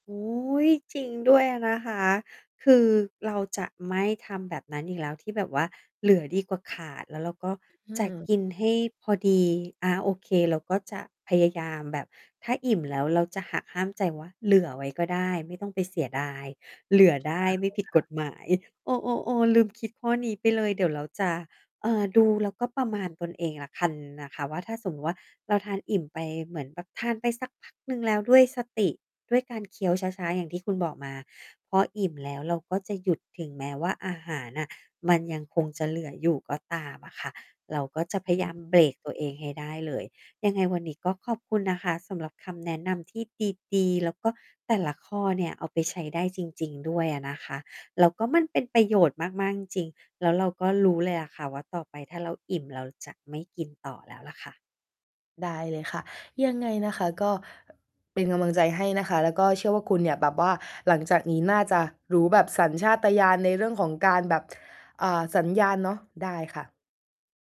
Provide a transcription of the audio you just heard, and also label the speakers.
Speaker 1: โอ้โฮ จริงด้วยนะคะ คือเราจะไม่ทำแบบนั้นอีกแล้ว ที่แบบว่าเหลือดีกว่าขาด แล้วเราก็
Speaker 2: อื
Speaker 1: จะ
Speaker 2: ม
Speaker 1: กินให้พอดี อา โอเค เราก็จะพยายามแบบถ้าอิ่มแล้ว เราจะหักห้ามใจว่า เหลือไว้ก็ได้ไม่ต้องไปเสียดาย เหลือได
Speaker 2: ได
Speaker 1: ้
Speaker 2: ้
Speaker 1: ไม
Speaker 2: เล
Speaker 1: ่ผ
Speaker 2: ย
Speaker 1: ิด
Speaker 2: ค
Speaker 1: ก
Speaker 2: ่ะ
Speaker 1: ฎหมาย เออ ๆ ๆ ลืมคิดข้อนี้ไปเลย เดี๋ยวเราจะ เอ่อ ดูแล้วก็ประมาณตนเองแล้วคันนะคะว่า ถ้าสมมุติว่าเราทานอิ่มไปเหมือนแบบทานสักพักหนึ่ง แล้วด้วยสติ ด้วยการเคี้ยวช้า ๆ อย่างที่คุณบอกมา พออิ่มแล้วเราก็จะหยุด ถึงแม้ว่าอาหารน่ะมันยังคงจะเหลืออยู่ก็ตามอะค่ะ เราก็จะพ
Speaker 2: อ
Speaker 1: ยายาม
Speaker 2: ืม
Speaker 1: เบรกตัวเองให้ได้เลย ยังไงวันนี้ ก็ขอบคุณนะคะสำหรับคำแนะนำที่ดี ๆ แล้วก็แต่ละข้อเนี่ย เอาไปใช้ได้จริง ๆ ด้วยอะนะคะ แล้วก็มันเป็นประโยชน์มาก ๆ จริง ๆ แล้วเราก็รู้เลยอะค่ะว่า ต่อไปถ้าเราอิ่ม เราจะไม่กินต่อแล้วแหละค่ะ
Speaker 2: ได้เลยค่ะ ยังไงนะคะ ก็ เป็นกำลังใจให้นะคะ แล้วก็เชื่อว่าคุณเนี่ยแบบว่าหลังจากนี้น่าจะรู้แบบสัญชาตญาณในเรื่องของการแบบ อ่า สัญญาณเนาะ ได้ค่ะ